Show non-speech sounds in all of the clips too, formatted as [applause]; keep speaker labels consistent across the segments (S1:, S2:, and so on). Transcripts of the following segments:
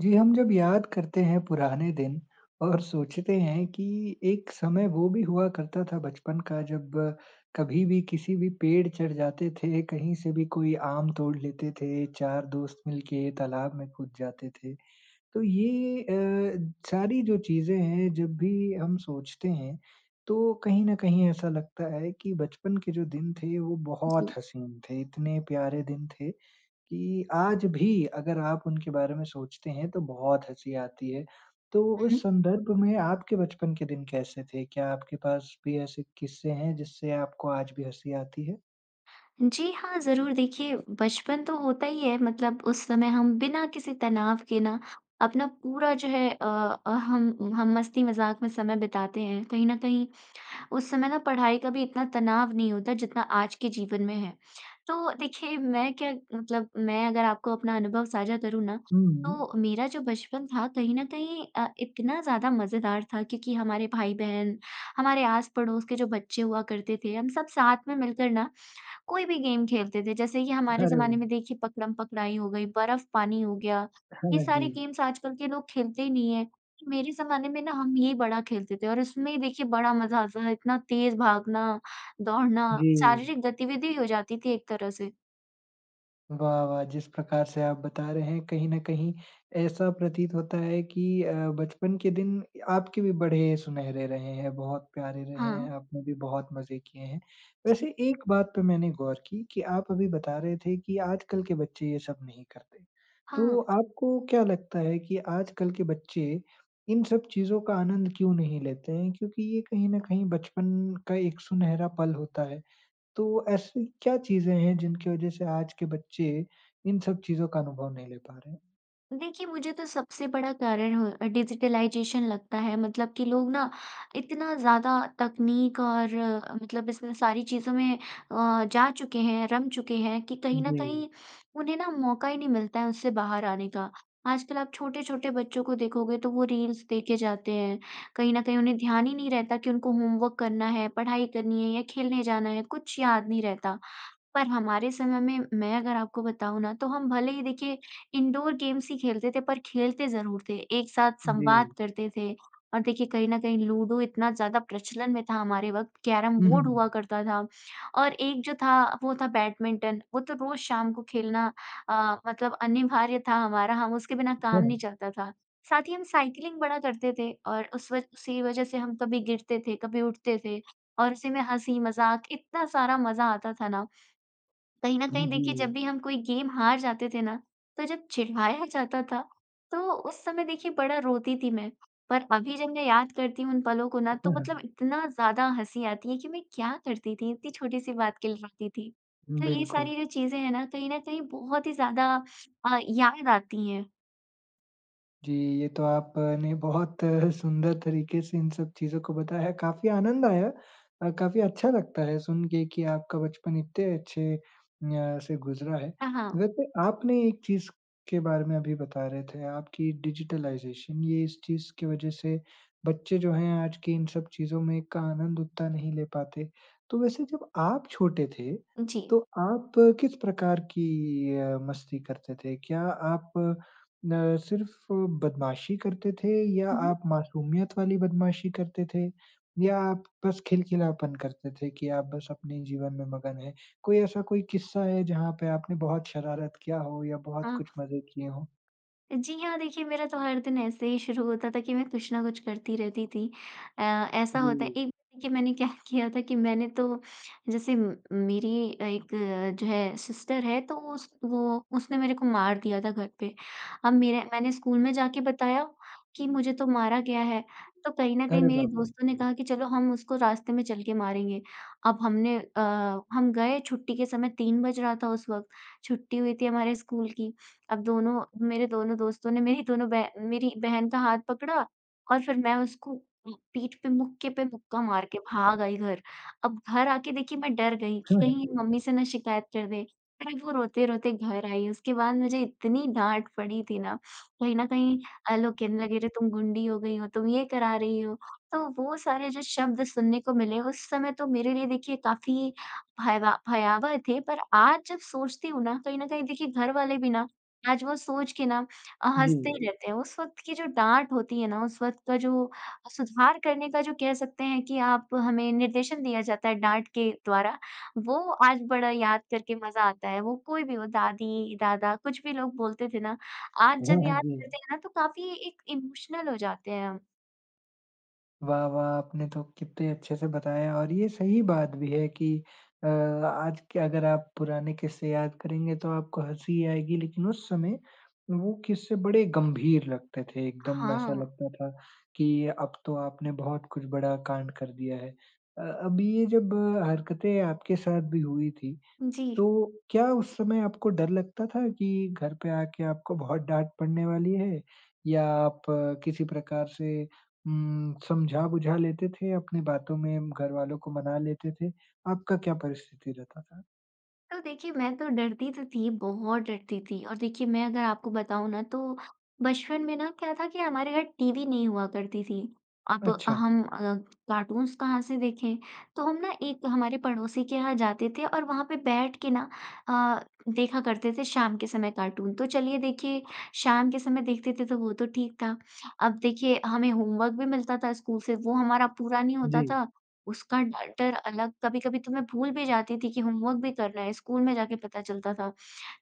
S1: जी, हम जब याद करते हैं पुराने दिन और सोचते हैं कि एक समय वो भी हुआ करता था बचपन का, जब कभी भी किसी भी पेड़ चढ़ जाते थे, कहीं से भी कोई आम तोड़ लेते थे, 4 दोस्त मिलके तालाब में कूद जाते थे। तो ये अ, सारी जो चीज़ें हैं, जब भी हम सोचते हैं, तो कहीं न कहीं ऐसा लगता है कि बचपन के जो दिन थे, वो बहुत
S2: जी।
S1: हसीन थे। इतने प्यारे दिन थे कि आज भी अगर आप उनके बारे में सोचते हैं, तो बहुत हँसी आती है। तो
S2: हुँ,
S1: उस
S2: हुँ।
S1: संदर्भ में आपके बचपन के दिन कैसे थे? क्या आपके पास भी ऐसे किस्से हैं जिससे आपको आज भी हँसी आती है?
S2: जी हाँ, ज़रूर। देखिए बचपन तो होता ही है, मतलब उस समय हम बिना किसी तनाव के ना, अपना पूरा जो है अ अ, हम, हम मस्ती-मज़ाक में समय बिताते हैं। कहीं न कहीं, उस समय ना पढ़ाई का भी इतना तनाव नहीं होता जितना आज के जीवन में है। तो देखिए मैं क्या मतलब मैं अगर आपको अपना अनुभव साझा करूँ ना,
S1: हुँ,
S2: तो
S1: हुँ।
S2: मेरा जो बचपन था कहीं न कहीं अ, इतना ज़्यादा मज़ेदार था क्योंकि हमारे भाई-बहन, हमारे आस-पड़ोस के जो बच्चे हुआ करते थे, हम सब साथ में मिलकर ना कोई भी गेम खेलते थे। जैसे कि हमारे
S1: अरे
S2: ज़माने
S1: वाह!
S2: में देखिए पकड़म-पकड़ाई हो गई, बर्फ़-पानी हो गया,
S1: हाँ,
S2: ये
S1: हाँ।
S2: सारे
S1: जी।
S2: गेम्स आजकल के लोग खेलते ही नहीं हैं। मेरे ज़माने में ना हम ये बड़ा खेलते थे, और इसमें देखिए बड़ा मज़ा आता था, इतना तेज़ भागना, दौड़ना,
S1: जी।
S2: शारीरिक गतिविधि हो जाती थी एक तरह से।
S1: वाह, वाह! जिस प्रकार से आप बता रहे हैं, कहीं न कहीं ऐसा प्रतीत होता है कि अ, बचपन के दिन आपके भी बड़े सुनहरे रहे हैं, बहुत प्यारे रहे हैं,
S2: हाँ।
S1: आपने भी बहुत मज़े किए हैं।
S2: जी।
S1: वैसे एक बात पे मैंने गौर की कि आप अभी बता रहे थे कि आजकल के बच्चे ये सब नहीं करते। तो
S2: हाँ।
S1: आपको क्या लगता है कि आजकल के बच्चे इन सब चीज़ों का आनंद क्यों नहीं लेते हैं, क्योंकि ये कहीं न कहीं बचपन का एक सुनहरा पल होता है। तो ऐसी क्या चीज़ें हैं जिनकी वज़ह से आज के बच्चे इन सब चीज़ों का अनुभव नहीं ले पा रहे हैं?
S2: देखिए, मुझे तो सबसे बड़ा कारण हो अ, डिजिटलाइज़ेशन लगता है। मतलब कि लोग ना इतना ज़्यादा तकनीक और अ, मतलब इसमें सारी चीज़ों में अ, जा चुके हैं, रम चुके हैं कि कहीं न
S1: जी।
S2: कहीं उन्हें ना मौका ही नहीं मिलता है उससे बाहर आने का। आजकल आप छोटे-छोटे बच्चों को देखोगे, तो वो रील्स देखे जाते हैं। कहीं न कहीं उन्हें ध्यान ही नहीं रहता कि उनको होमवर्क करना है, पढ़ाई करनी है या खेलने जाना है, कुछ याद नहीं रहता। पर हमारे समय में मैं अगर आपको बताऊँ ना, तो हम भले ही देखिए इंडोर-गेम्स ही खेलते थे पर खेलते ज़रूर थे, एक साथ संवाद
S1: जी।
S2: करते थे। और देखिए, कहीं न कहीं लूडो इतना ज़्यादा प्रचलन में था हमारे वक़्त,
S1: हुँ,
S2: कैरम-बोर्ड हुआ
S1: हुँ।
S2: करता था, और एक जो था वो था बैडमिंटन। वो तो रोज़ शाम को खेलना अ, मतलब अनिवार्य था हमारा, हम उसके बिना काम नहीं
S1: [chuckles]
S2: चलता था। साथ ही हम साइक्लिंग बड़ा करते थे और उस वज उसी की वजह से हम कभी गिरते थे, कभी उठते थे, और उसी में हँसी-मज़ाक, इतना सारा मज़ा आता था ना। कहीं न
S1: हुँ,
S2: कहीं देखिए जब
S1: जी।
S2: भी हम कोई गेम हार जाते थे ना, तो जब चिढ़ाया जाता था, तो उस समय देखिए बड़ा रोती थी मैं। पर अभी जब मैं याद करती हूँ उन पलों को ना, तो
S1: हाँ,
S2: मतलब
S1: हाँ।
S2: इतना ज़्यादा हँसी आती है कि मैं क्या करती थी, इतनी छोटी-सी बात के लिए रोती थी। तो ये
S1: बिल्कुल।
S2: सारी जो चीज़ें हैं ना, कहीं न कहीं बहुत ही ज़्यादा अ, याद आती हैं।
S1: जी, ये तो आपने बहुत सुंदर तरीके से इन सब चीज़ों को बताया। काफ़ी आनंद आया अ, काफ़ी अच्छा लगता है सुनके कि आपका बचपन इतने अच्छे अ, से गुज़रा है।
S2: हाँ, हाँ।
S1: वैसे आपने एक चीज़ के बारे में अभी बता रहे थे आप कि डिजिटलाइज़ेशन, ये इस चीज़ की वजह से बच्चे जो हैं आज के इन सब चीज़ों में का आनंद उतना नहीं ले पाते। तो वैसे जब आप छोटे थे
S2: जी।
S1: तो आप किस प्रकार की अ, मस्ती करते थे? क्या आप न सिर्फ़ बदमाशी करते थे या
S2: उहुँ।
S1: आप मासूमियत वाली बदमाशी करते थे या आप बस खिलखिलापन करते थे कि आप बस अपने जीवन में मगन हैं? कोई ऐसा कोई क़िस्सा है जहाँ पे आपने बहुत शरारत किया हो या बहुत
S2: हाँ।
S1: कुछ मदद किए हो?
S2: जी हाँ, देखिए मेरा तो हर दिन ऐसे ही शुरू होता था कि मैं कुछ ना कुछ करती रहती थी। अ, ऐसा होता है
S1: हुँ।
S2: एक देखिए मैंने क्या किया था कि मैंने तो जैसे म मेरी एक जो है सिस्टर है तो वो उस वो उसने मेरे को मार दिया था घर पे। अब मेरा मैंने स्कूल में जाके बताया कि मुझे तो मारा गया है। तो कहीं न कहीं
S1: अरे
S2: मेरे
S1: बाप रे!
S2: दोस्तों ने कहा कि चलो हम उसको रास्ते में चलके मारेंगे। अब हमने अ, हम गए छुट्टी के समय 3 बज रहा था उस वक़्त छुट्टी हुई थी हमारे स्कूल की। अब दोनों, मेरे दोनों दोस्तों ने मेरी दोनों बह मेरी बहन का हाथ पकड़ा और फ़िर मैं उसको पीठ पे मुक्के पे मुक्का मार के भाग आई घर। अब घर आके देखिए मैं डर गई कि कहीं
S1: [chuckles]
S2: मम्मी से ना शिकायत कर दे। फ़िर वो रोते-रोते घर आई उसके बाद मुझे इतनी डाँट पड़ी थी ना, कहीं न कहीं अ, लोग कहने लगे अरे तुम गुंडी हो गई हो, तुम ये करा रही हो। तो वो सारे जो शब्द सुनने को मिले उस समय तो मेरे लिए देखिए काफ़ी भयवा भयावह थे पर आज जब सोचती हूँ ना कहीं न कहीं देखिए घर वाले भी ना, आज वो सोच के ना अ, हँसते
S1: जी।
S2: ही रहते हैं। उस वक़्त की जो डाँट होती है ना उस वक़्त का जो अ, सुधार करने का जो कह सकते हैं कि आप हमें निर्देशन दिया जाता है डाँट के द्वारा, वो आज बड़ा याद करके मज़ा आता है। वो कोई भी हो दादी-दादा कुछ भी लोग बोलते थे ना, आज जब
S1: वाह!
S2: याद
S1: जी।
S2: करते हैं ना तो काफ़ी एक इमोशनल हो जाते हैं हम।
S1: वाह, वाह! आपने तो कितने अच्छे से बताया और ये सही बात भी है कि अ, आज के अगर आप पुराने क़िस्से याद करेंगे तो आपको हँसी ही आएगी लेकिन उस समय वो क़िस्से बड़े गंभीर लगते थे। एकदम ऐसा
S2: हाँ।
S1: लगता था कि अब तो आपने बहुत कुछ बड़ा काँड कर दिया है। अ, अब ये जब हरकतें आपके साथ भी हुई थी
S2: जी।
S1: तो क्या उस समय आपको डर लगता था कि घर पे आके आपको बहुत डाँट पड़ने वाली है या आप किसी प्रकार से उम, समझा-बुझा लेते थे अपने बातों में घरवालों को मना लेते थे? आपका क्या परिस्थिति रहता था?
S2: तो देखिए मैं तो डरती तो थी बहुत डरती थी। और देखिए मैं अगर आपको बताऊँ ना तो बचपन में ना क्या था कि हमारे घर टीवी नहीं हुआ करती थी। अब
S1: अच्छा।
S2: हम अ, कार्टून्स कहाँ से देखें? तो हम ना एक हमारे पड़ोसी के यहाँ जाते थे और वहाँ पे बैठ के ना अ, देखा करते थे शाम के समय कार्टून। तो चलिए देखिए शाम के समय देखते थे तो वो तो ठीक था। अब देखिए हमें होमवर्क भी मिलता था स्कूल से वो हमारा पूरा नहीं होता
S1: जी।
S2: था। उसका ड डर अलग कभी-कभी तो मैं भूल भी जाती थी कि होमवर्क भी करना है, स्कूल में जाके पता चलता था।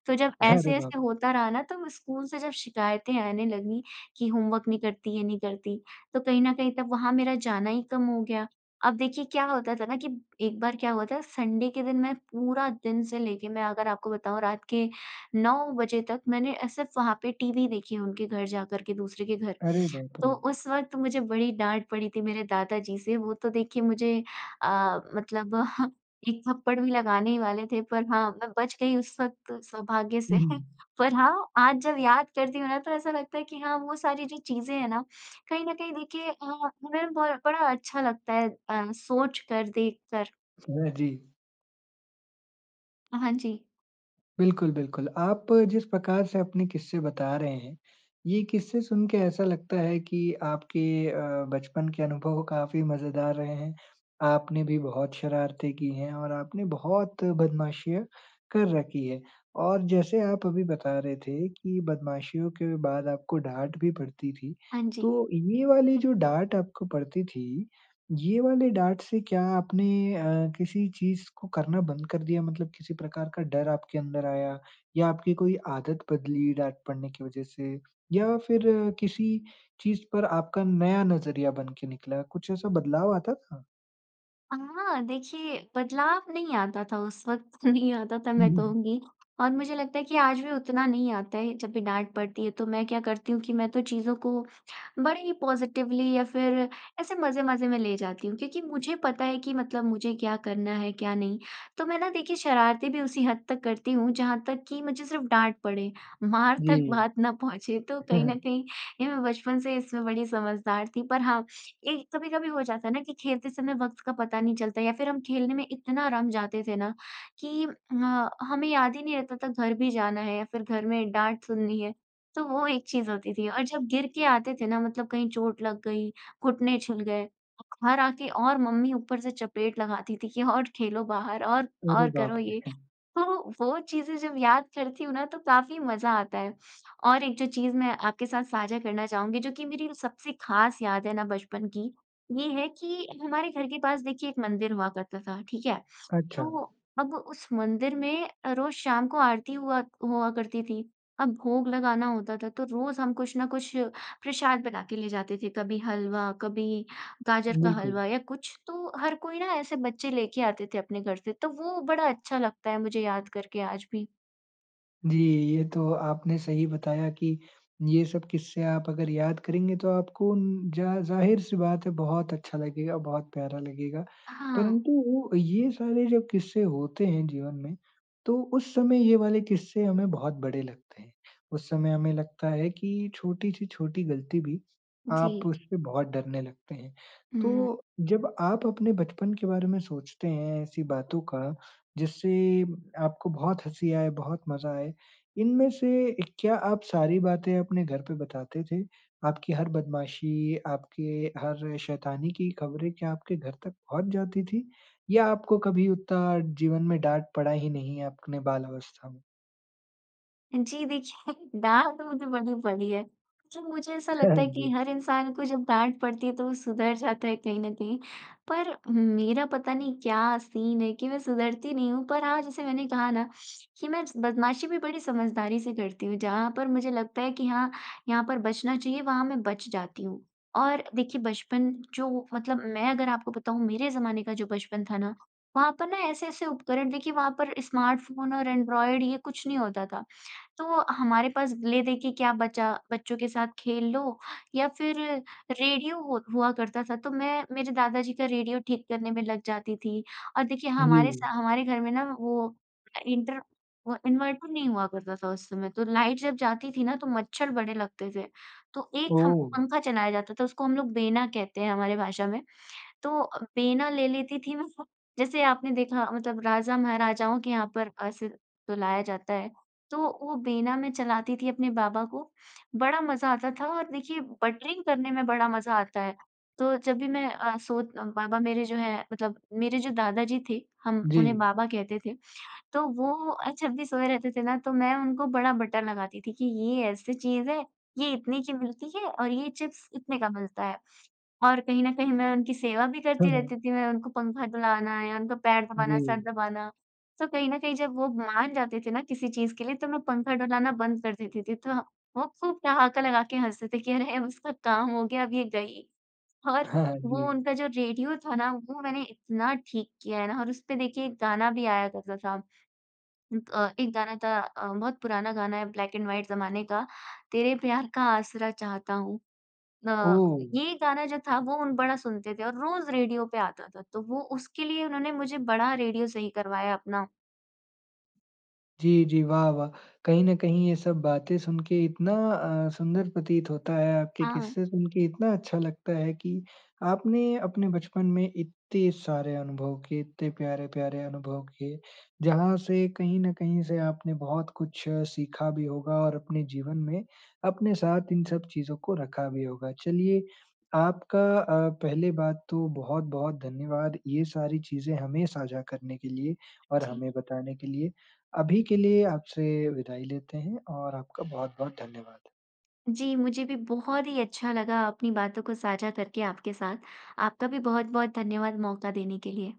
S2: तो जब
S1: अरे बाप
S2: ऐसे-ऐसे
S1: रे!
S2: होता रहा ना तब स्कूल से जब शिकायतें आने लगी कि होमवर्क नहीं करती ये नहीं करती तो कहीं न कहीं तब वहाँ मेरा जाना ही कम हो गया। अब देखिए क्या होता था ना कि, एक बार क्या हुआ था सँडे के दिन मैं पूरा दिन से लेके मैं अगर आपको बताऊँ रात के 9 बजे तक मैंने अ, सिर्फ़ वहाँ पे टीवी देखी उनके घर जाकर के दूसरे के घर।
S1: अरे बाप
S2: तो
S1: रे!
S2: उस वक़्त मुझे बड़ी डाँट पड़ी थी मेरे दादा जी से। वो तो देखिए मुझे अ, मतलब [chuckles] 1 थप्पड़ भी लगाने ही वाले थे पर हाँ, मैं बच गई उस वक़्त सौभाग्य से।
S1: हुँ,
S2: [chuckles]
S1: हुँ।
S2: पर हाँ, आज जब याद करती हूँ ना तो ऐसा लगता है कि, हाँ वो सारी जो चीज़ें हैं ना कहीं न कहीं देखिए अ, हमें बहुत बड़ा अच्छा लगता है अ, सोचकर, देखकर।
S1: सुने जी।
S2: अ, हाँ जी।
S1: बिल्कुल, बिल्कुल। आप जिस प्रकार से अपने क़िस्से बता रहे हैं, ये क़िस्से सुनके ऐसा लगता है कि आपके अ, बचपन के अनुभव काफ़ी मज़ेदार रहे हैं। आपने भी बहुत शरारतें की हैं और आपने बहुत बदमाशियाँ कर रखी है। और जैसे आप अभी बता रहे थे कि बदमाशियों के बाद आपको डाँट भी पड़ती थी,
S2: हाँ जी।
S1: तो ये वाली जो डाँट आपको पड़ती थी, ये वाली डाँट से क्या आपने अ, किसी चीज़ को करना बंद कर दिया मतलब किसी प्रकार का डर आपके अंदर आया या आपकी कोई आदत बदली डाँट पड़ने की वज़ह से या फ़िर किसी चीज़ पर आपका नया नज़रिया बनके निकला कुछ ऐसा बदलाव आता था?
S2: अ, हाँ। देखिए बदलाव नहीं आता था उस वक़्त, नहीं आता था
S1: हुँ,
S2: मैं
S1: हुँ।
S2: कहूँगी। और मुझे लगता है कि आज भी उतना नहीं आता है। जब भी डाँट पड़ती है तो मैं क्या करती हूँ कि मैं तो चीज़ों को बड़े ही पॉज़िटिवली या फ़िर ऐसे मज़े-मज़े में ले जाती हूँ। क्योंकि मुझे पता है कि मतलब मुझे क्या करना है क्या नहीं। तो मैं ना देखिए शरारतें भी उसी हद तक करती हूँ जहाँ तक कि मुझे सिर्फ़ डाँट पड़े। मार
S1: जी।
S2: तक बात ना पहुँचे। तो कहीं न
S1: [chuckles]
S2: कहीं ये मैं बचपन से इसमें बड़ी समझदार थी। पर हाँ, एक कभी-कभी हो जाता है ना, कि खेलते समय वक़्त का पता नहीं चलता। या फ़िर हम खेलने में इतना रम जाते थे ना कि म हमें याद ही नहीं रहता था घर भी जाना है या फ़िर घर में डाँट सुननी है। तो वो एक चीज़ होती थी। और जब गिरके आते थे ना मतलब कहीं चोट लग गई, घुटने छिल गए। और घर आके और मम्मी ऊपर से चपेट लगाती थी कि और खेलो बाहर और
S1: अरे
S2: और
S1: बाप
S2: करो
S1: रे!
S2: ये।
S1: [chuckles]
S2: तो वो चीज़ें जब याद करती हूँ ना, तो काफ़ी मज़ा आता है। और एक जो चीज़ मैं आपके साथ साझा करना चाहूँगी जो कि मेरी र सबसे ख़ास याद है ना बचपन की, ये है कि हमारे घर के पास देखिए एक मंदिर हुआ करता था। ठीक है?
S1: अच्छा।
S2: तो अब उस मंदिर में अ, रोज़ शाम को आरती हुआ हुआ करती थी। अब भोग लगाना होता था तो रोज़ हम कुछ न कुछ प्रसाद बनाके ले जाते थे। कभी हलवा, कभी गाजर का
S1: बिल्कुल।
S2: हलवा या कुछ, तो हर कोई ना ऐसे बच्चे लेके आते थे अपने घर से। तो वो बड़ा अच्छा लगता है मुझे याद करके आज भी।
S1: जी, ये तो आपने सही बताया कि ये सब क़िस्से आप अगर याद करेंगे तो आपको ज़ ज़ाहिर-सी बात है बहुत अच्छा लगेगा, बहुत प्यारा लगेगा।
S2: हाँ।
S1: परंतु ये सारे जो क़िस्से होते हैं जीवन में तो उस समय ये वाले क़िस्से हमें बहुत बड़े लगते हैं। उस समय हमें लगता है कि छोटी से छोटी ग़लती भी आप
S2: जी।
S1: उस पे बहुत डरने लगते हैं।
S2: हुँ।
S1: तो जब आप अपने बचपन के बारे में सोचते हैं ऐसी बातों का जिससे आपको बहुत हँसी आए, बहुत मज़ा आए, इनमें से क्या आप सारी बातें अपने घर पे बताते थे? आपकी हर बदमाशी, आपके हर शैतानी की खबरें क्या आपके घर तक पहुँच जाती थी? या आपको कभी उतना जीवन में डाँट पड़ा ही नहीं है अपने बाल अवस्था में?
S2: जी देखिए, डाँट तो मुझे बड़ी पड़ी है। मुझे ऐसा
S1: हाँ,
S2: लगता है कि
S1: जी।
S2: हर इंसान को जब डाँट पड़ती है तो वो सुधर जाता है कहीं न कहीं। पर मेरा पता नहीं क्या सीन है कि मैं सुधरती नहीं हूँ। पर आज जैसे मैंने कहा ना कि मैं बदमाशी भी बड़ी समझदारी से करती हूँ। जहाँ पर मुझे लगता है कि हाँ, यहाँ पर बचना चाहिए वहाँ मैं बच जाती हूँ। और देखिए बचपन जो मतलब मैं अगर आपको बताऊँ मेरे ज़माने का जो बचपन था ना, वहाँ पर ना ऐसे-ऐसे उपकरण देखिए वहाँ पर स्मार्टफ़ोन और ऐंड्रॉइड ये कुछ नहीं होता था। तो हमारे पास ले देके क्या बचा, बच्चों के साथ खेल लो या फिर रेडियो हु हुआ करता था। तो मैं मेरे दादा जी का रेडियो ठीक करने में लग जाती थी। और देखिए हमारे सा
S1: जी।
S2: हमारे घर में ना वो इंटर वो इन्वर्टर नहीं हुआ करता था उस समय। तो लाइट जब जाती थी ना तो मच्छर बड़े लगते थे। तो एक हम
S1: ओह!
S2: पंखा चलाया जाता था उसको हम लोग बेना कहते हैं हमारे भाषा में। तो बेना ले लेती थी मैं फ जैसे आपने देखा मतलब राजा महाराजाओं के यहाँ पर अ, सिर ढुलाया जाता है। तो वो बेना में चलाती थी अपने बाबा को। बड़ा मज़ा आता था और देखिए बटरिंग करने में बड़ा मज़ा आता है। तो जब भी मैं अ, सोत बाबा मेरे जो है मतलब मेरे जो दादा जी थे, हम उन्हें
S1: जी।
S2: बाबा कहते थे। तो वो अ, जब भी सोए रहते थे ना तो मैं उनको बड़ा बटर लगाती थी कि ये ऐसी चीज़ है, ये इतने की मिलती है और ये चिप्स इतने का मिलता है। और कहीं न कहीं मैं उनकी सेवा भी
S1: हाँ,
S2: करती रहती
S1: हाँ।
S2: थी, मैं उनको पंखा ढुलाना या उनका पैर दबाना, सर
S1: जी।
S2: दबाना। तो कहीं न कहीं जब वो मान जाते थे ना किसी चीज़ के लिए तो मैं पंखा ढुलाना बंद कर देती थी, तो वो खूब ठहाका लगाकर हँसते थे कि, "अरे उसका काम हो गया अब ये गई।" और
S1: हाँ,
S2: वो
S1: जी।
S2: उनका जो रेडियो था ना वो मैंने इतना ठीक किया है ना और उस पे देखिए एक गाना भी आया करता था। अ, एक गाना था अ, बहुत पुराना गाना है ब्लैक एंड व्हाइट ज़माने का। तेरे प्यार का आसरा चाहता हूँ। अ,
S1: ओह!
S2: ये गाना जो था वो उन बड़ा सुनते थे और रोज़ रेडियो पे आता था। तो वो उसके लिए उन्होंने मुझे बड़ा रेडियो सही करवाया अपना।
S1: जी, जी। वाह वाह! कहीं न कहीं ये सब बातें सुनके इतना अ, सुंदर प्रतीत होता है, आपके
S2: हाँ।
S1: किस्से सुनके इतना अच्छा लगता है कि आपने अपने बचपन में इत्ते सारे अनुभव किए, इतने प्यारे-प्यारे अनुभव किए, जहाँ से कहीं न कहीं से आपने बहुत कुछ सीखा भी होगा और अपने जीवन में अपने साथ इन सब चीज़ों को रखा भी होगा। चलिए आपका अ, पहले बात तो बहुत-बहुत धन्यवाद ये सारी चीज़ें हमें साझा करने के लिए और
S2: जी।
S1: हमें बताने के लिए। अभी के लिए आपसे विदाई लेते हैं और आपका बहुत-बहुत धन्यवाद।
S2: जी, मुझे भी बहुत ही अच्छा लगा अपनी बातों को साझा करके आपके साथ। आपका भी बहुत-बहुत धन्यवाद मौका देने के लिए।